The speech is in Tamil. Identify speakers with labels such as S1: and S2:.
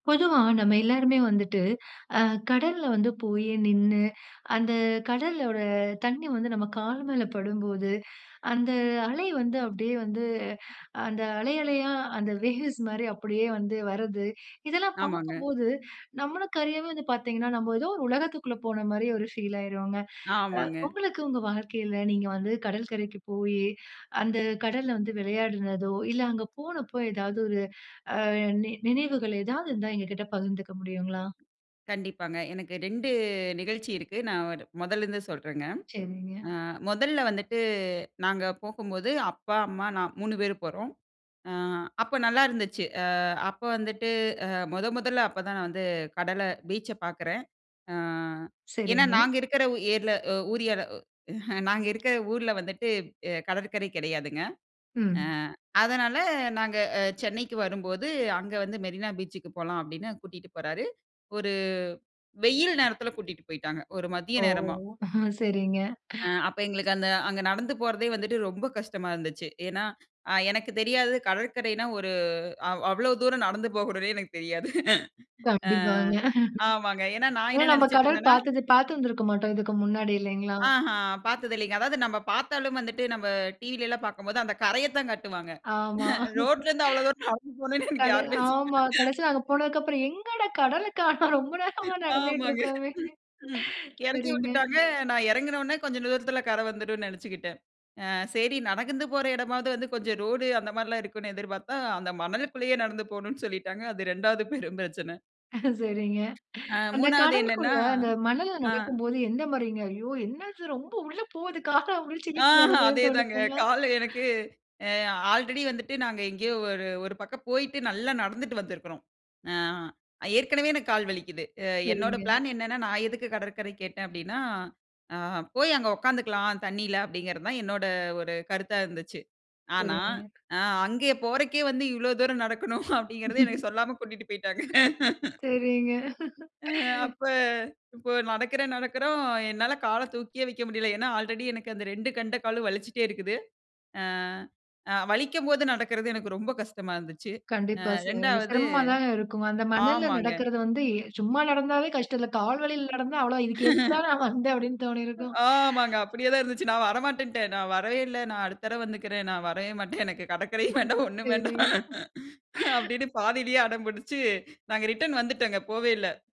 S1: பொதுவா நம்ம எல்லாருமே வந்துட்டு, அ கடல்ல வந்து போயி, நின்னு, அந்த கடலோட தண்ணீ வந்து நம்ம கால் மேல படும்போது. அந்த அலை வந்து அப்டியே வந்து அந்த அலை அலையா, அந்த வேவ்ஸ் மாரி அப்படியே வந்து வர்றது, இதெல்லாம்
S2: ஆமாங்க.
S1: பாக்கும்போது, நம்மளுக்கு அறியாமயே வந்து பாத்தீங்கன்னா, நம்ம ஏதோ ஒரு உலகத்துக்குள்ள போன மாரி ஒரு ஃபீல் ஆயுறுவோங்க. அ
S2: ஆமாங்க.
S1: உங்களுக்கு உங்க வாழ்க்கையில நீங்க வந்து கடல்கரைக்கு போயி, அந்த கடல்ல வந்து விளையாடுனதோ, இல்ல அங்க போனப்போ எதாவது ஒரு அ நி நினைவுகள் எதாவது இருந்தா எங்ககிட்ட பகிந்துக்க முடியுங்களா?
S2: கண்டிப்பாங்க. எனக்கு 2 நிகழ்ச்சி இருக்கு. நான் ஒரு முதல்லருந்து சொல்றேங்க.
S1: சரிங்க.
S2: ஆ மொதல்ல வந்துட்டு, நாங்க போகும்போது, அப்பா அம்மா நான் 3 பேரு போறோம். ஆ அப்போ நல்லா இருந்துச்சு, ஆ அப்போ வந்துட்டு அ மொத மொதல்ல அப்பதான் நான் வந்து கடல பீச்ச பாக்கறேன். ஆ ஏனா
S1: சரிங்க.
S2: நாங்க இருக்கிற ஊர்ல அ ஏரியால உ நாங்க இருக்கற ஊர்ல வந்துட்டு எ கடற்கரை கெடையாதுங்க. அ
S1: ம்.
S2: அதனால, நாங்க அ சென்னைக்கு வரும்போது அங்க வந்து மெரினா பீச்சுக்கு போலாம் அப்டின்னு கூட்டிட்டு போறாரு. ஒரு வெயில் நேரத்தில கூட்டிட்டு போயிட்டாங்க. ஒரு மதிய
S1: ஓ!
S2: நேரமா.
S1: சரிங்க.
S2: ஆ அப்போ எங்களுக்கு அந்த அங்க நடந்து போறதே வந்துட்டு ரொம்ப கஷ்டமா இருந்துச்சு. ஏன்னா அ எனக்கு தெரியாதது. கடற்கரைனா ஒரு அவ் அவ்ளோ தூரம் நடந்து போகணும்னே எனக்கு தெரியாது. ஆ
S1: கண்டிப்பாங்க.
S2: ஆமாங்க. ஏன்னா நான்
S1: ஏன்னா
S2: என்ன
S1: நம்ப கடல்
S2: நெனைச்சிட்ருந்தேனா
S1: பாத்தது பாத்திருந்திருக்க மாட்டோம் இதுக்கு முன்னாடி இல்லைங்களா?
S2: ஆஹ! பாத்தது இல்லைங்க. அதாவது நம்ப பாத்தாலும் வந்துட்டு, நம்ப டிவியிலல்லாம் பாக்கும்போது அந்த கரைய தான் கட்டுவாங்க.
S1: ஆமா.
S2: ரோட்லேருந்து அவ்ளோ தூரம் நடந்து போணும்னு எனக்கு
S1: கடல்
S2: யாருமே சொல்லல.
S1: ஆமா. கடைசில அங்க போனதுக்கப்புறம் எங்கடா! கடலக்காணோம் ரொம்ப நேரமா நடந்துட்டு
S2: ஆமாங்க.
S1: இருக்கோமே!
S2: ம் எறக்கி
S1: சரிங்க.
S2: விட்டுட்டாங்க. நான் இறங்கினவுன்னே கொஞ்சம் தூரத்தில கர வந்துரும்ன்னு நெனச்சுக்கிட்டேன். ஆ சரி நடந்து போற எடமாவது வந்து, கொஞ்சம் ரோடு அந்த மாரிலாம் இருக்கும்னு எதிர்பாத்தா, அந்த மணலுக்குள்ளயே நடந்து போணும்னு சொல்லிட்டாங்க. அது 2வது பெரும் பிரச்சனை.
S1: சரிங்க.
S2: ஆ
S1: அந்த
S2: 3வது
S1: கடலுக்குள்ள
S2: என்னான்னா
S1: அந்த மணல்ல
S2: ஆ.
S1: நடக்கும்போது எந்த மாரிங்க? ஐயோ! என்னது ரொம்ப உள்ள போது, கால புடிச்சு இழுக்குது
S2: ஆஹ!
S1: அந்த மாரி எதும்
S2: அதேதாங்க
S1: தோணுச்சுங்களா?
S2: கால் எனக்கு அ ஆல்ரெடி வந்துட்டு நாங்க எங்கேயோ ஒரு ஒரு பக்கம் போயிட்டு, நல்லா நடந்துட்டு வந்திருக்கிறோம். ஆ அ ஏற்கனவே எனக்கு கால் வலிக்குது. அ என்னோட
S1: சரிங்க.
S2: பிளான் என்னென்னா, நான் எதுக்கு கடற்கரை கேட்டேன் அப்படின்னா, ஆ போய் அங்க உக்காந்துக்கலாம், தண்ணீயில, அப்படிங்கிறது தான் என்னோட ஒரு கருத்தா இருந்துச்சு. ஆனா.
S1: சரிங்க.
S2: அ அங்கே போறக்கே வந்து இவ்ளோ தூரம் நடக்கணும் அப்படிங்கிறதே எனக்கு சொல்லாம கூட்டிட்டு போய்ட்டாங்க.
S1: சரிங்க.
S2: ஆ அப்ப இப்போ நடக்கறேன், நடக்கறோம் என்னால கால தூக்கியே வைக்க முடியல்ல. ஏன்னா ஆல்ரெடி எனக்கு அந்த 2 கெண்ட காலும் வலிச்சிட்டே இருக்குது. ஆ அ வலிக்கும் போது நடக்கறது எனக்கு ரொம்ப கஷ்டமா இருந்துச்சு. அ
S1: கண்டிப்பா. சி
S2: 2வது
S1: சிரமமா தாங்க இருக்கும். அந்த மணல்ல
S2: ஆமாங்க.
S1: நடக்கிறது வந்து எ சும்மா நடந்தாவே கஷ்டம். இதுல கால் வலியில
S2: ம்.
S1: நடந்தா அவ்ளோதான். "இதுக்கு எதுக்குடா நான் வந்தேன்" அப்டின்னு தோணியிருக்கும்.
S2: ஆமாங்க. அப்டியே தான் இருந்துச்சு, "நான் வரமாட்டேன்ட்டேன். நான் வரவே இல்ல, நான் அடுத்த தரவ வந்துக்கறேன். நான் வரவே மாட்டேன். எனக்கு கடக்கரையும் வேண்டாம் ஒண்ணும் வேண்டாம்"
S1: சரிங்க.
S2: அப்டின்னு பாதிலயே அடம் புடிச்சு, நாங்க ரிட்டர்ன் வந்துட்டோங்க, போவே இல்ல.